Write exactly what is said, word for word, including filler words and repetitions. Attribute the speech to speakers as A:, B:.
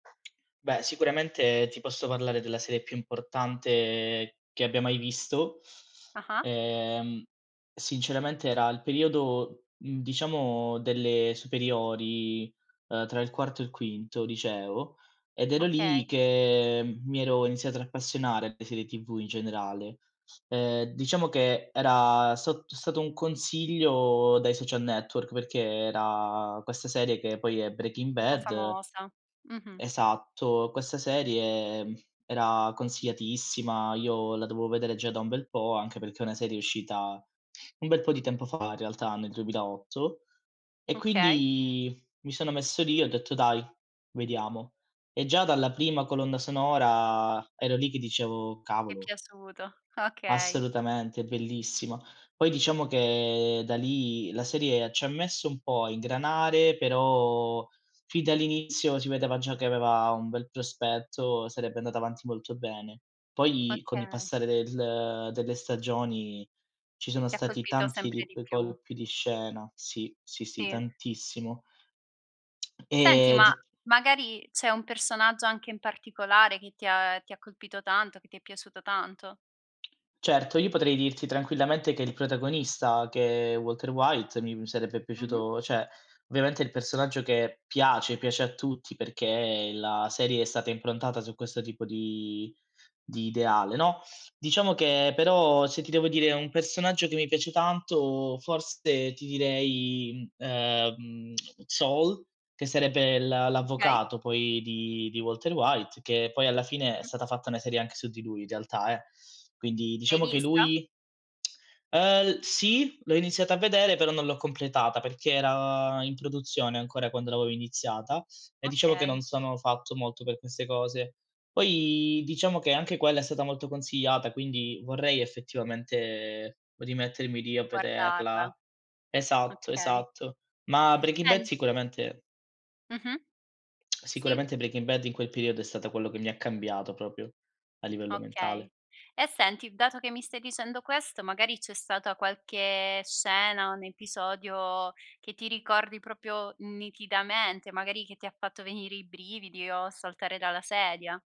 A: Beh, sicuramente ti posso parlare della serie più importante che abbia mai visto.
B: Ah-ah.
A: Ehm, sinceramente era il periodo, mhmm, diciamo delle superiori, uhm, tra il quarto e il quinto liceo, ed era lì
B: Okay.
A: che m mi ero iniziatro ad appassionare alle serie TV in generale. Ehm, diciamo che era sat t stato un consiglio dai social network perché era questa serie, che poi è Breaking
B: Un po'
A: Bad
B: famosa. Mh-mh.
A: Esatto, questa serie, mhmm, era consigliatissima, io la dovo vedere già da un bel po', anche perché è una serie uscita un bel po' di tempo fa, in realtà, nel duemilaotto e
B: Okay.
A: quindi mi sono messo lì e ho detto: "Dai, vediamo." E già dalla prima colonna sonora ero lì che dicevo:
B: È
A: "Cavolo."
B: piaciuto, okay.
A: Assolutamente, è bellissima. Poi diciamo che, da lì, la serie c'ha messo un po' a ingranare, però fin dall'inizio si vedeva già che aveva un bel prospetto, sarebbe andata avanti molto bene. Poi, con il
B: Okay.
A: passare del delle stagioni, ci sono
B: Ti ha
A: stati
B: colpito
A: tanti di
B: sempre di
A: quei
B: più.
A: colpi di scena. Sì, sì, sì,
B: tì.
A: tantissimo.
B: Senti,
A: Ehm,
B: ma
A: di
B: magari c'è un personaggio, anche in particolare, che ti ha ti ha colpito tanto, che ti è piaciuto tanto?
A: Certo, io potrei dirti tranquillamente che il protagonista, che è Walter White, mi mi sarebbe
B: Mh-mh.
A: piaciuto ceh viamente è il personaggio che piace, piace a tutti, perché la serie è stata improntata su questo tipo di di ideale, no? Diciamo che, però, se ti devo dire un personaggio che mi piace tanto, forse ti direi, mhmm, ehm, Saul, che sarebbe l'a
B: Okay.
A: l'avvocato, poi, di di Walter White, che poi, alla fine, è
B: Mh-mh.
A: sata fatta una serie anche su di lui in realtà, eh. Quindi
B: L'hai
A: diciamo che
B: vista?
A: lui Uhm, l sì, l'ho iniziata a vedere, però non l'ho completata, perché era in produzione ancora quando l'avevo iniziata, e diciamo che non
B: Okay.
A: sono fatto molto per queste cose. Poi, diciamo che anche quella è stata molto consigliata, quindi vorrei, effettivamente, rimettermi lì a
B: Guardarla.
A: vederla. Esatto,
B: Okay.
A: esatto. Ma Breaking Bad
B: En
A: sicuramente
B: Mh-mh. Sì.
A: sicuramente Breaking Bad in quel periodo è stata quello che mi cambiato propio, a livello
B: Okay.
A: mentale.
B: E senti, dato che mi stai dicendo questo, magari c'è stata qualche scena, un episodio che ti ricordi propio nitidamente, magari che ti ha fatto venire i brividi o saltare dalla sedia?